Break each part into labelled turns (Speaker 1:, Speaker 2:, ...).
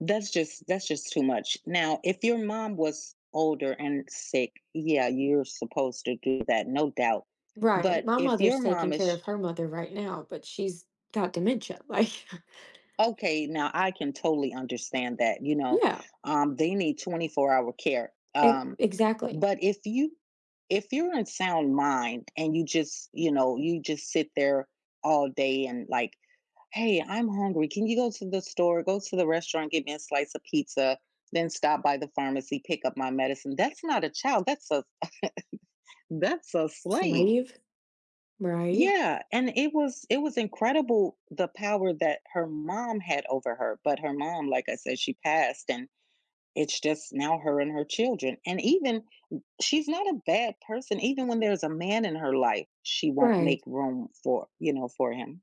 Speaker 1: That's just that's just too much. Now, if your mom was older and sick, yeah, you're supposed to do that, no doubt.
Speaker 2: Right.
Speaker 1: But
Speaker 2: My
Speaker 1: if your
Speaker 2: mother's taking
Speaker 1: mom is
Speaker 2: care
Speaker 1: j
Speaker 2: of her mother right now, but she's got dementia, like
Speaker 1: Okay, now, I can totally understand that, you know,
Speaker 2: Yeah.
Speaker 1: um, they need twenty-four-hour care.
Speaker 2: E
Speaker 1: Um,
Speaker 2: exactly.
Speaker 1: but if you if you're in sound mind and you just you know, you just sit there all day and, like, "Hey, I'm hungry. Can you go to the store, go to the restaurant, get me a slice of pizza, then stop by the pharmacy, pick up my medicine." That's not a child, that's a that's a slave.
Speaker 2: Slave, right?
Speaker 1: Yeah. And it was it was incredible, the power that her mom had over her, but her mom, like I said, she passed and it's just now her and her children. And even m she's not a bad person. Even when there's a man in her life, she won't make
Speaker 2: Right.
Speaker 1: room for, you know, for him.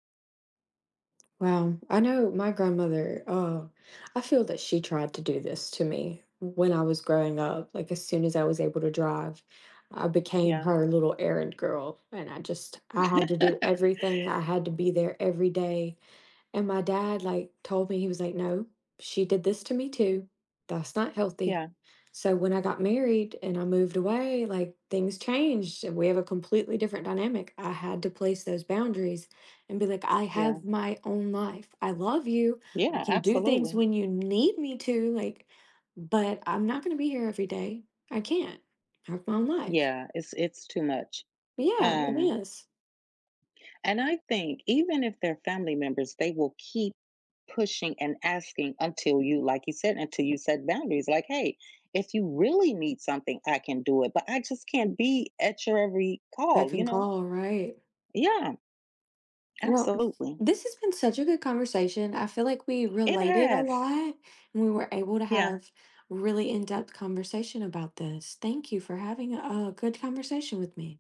Speaker 2: Wow, I know my grandmother, uh I feel that she tried to do this to me when I was growing up. Like, as soon as I was able to drive, I became
Speaker 1: Yeah.
Speaker 2: her little errand girl, and I just I had to do everything. I had to be there every day. And my dad, like, told me, he was like, "No, she did this to me too. That's not healthy."
Speaker 1: Yeah.
Speaker 2: So, when I got married and I moved away, like, things changed and we have a completely different dynamic. I had to place those boundaries and be like, "I
Speaker 1: Yeah.
Speaker 2: have my own life. I love you. I
Speaker 1: Yeah,
Speaker 2: can do things
Speaker 1: absolutely.
Speaker 2: when you need me to, like, but I'm not going to be here every day. I can't. I have my own life."
Speaker 1: Yeah, it's it's too much.
Speaker 2: Yeah, it
Speaker 1: Um
Speaker 2: is.
Speaker 1: And I think even if they're family members, they will keep pushing and asking until you like you said, until you set boundaries like, "Hey, if you really need something, I can do it, but I just can't be at your every
Speaker 2: Beck
Speaker 1: call, you
Speaker 2: and
Speaker 1: know?"
Speaker 2: call, right.
Speaker 1: Yeah.
Speaker 2: Well,
Speaker 1: Absolutely.
Speaker 2: this has been such a good conversation. I feel like we
Speaker 1: It
Speaker 2: related a
Speaker 1: has.
Speaker 2: lot and we were able to
Speaker 1: Yeah.
Speaker 2: have really in-depth conversation about this. Thank you for having a, uh, good conversation with me.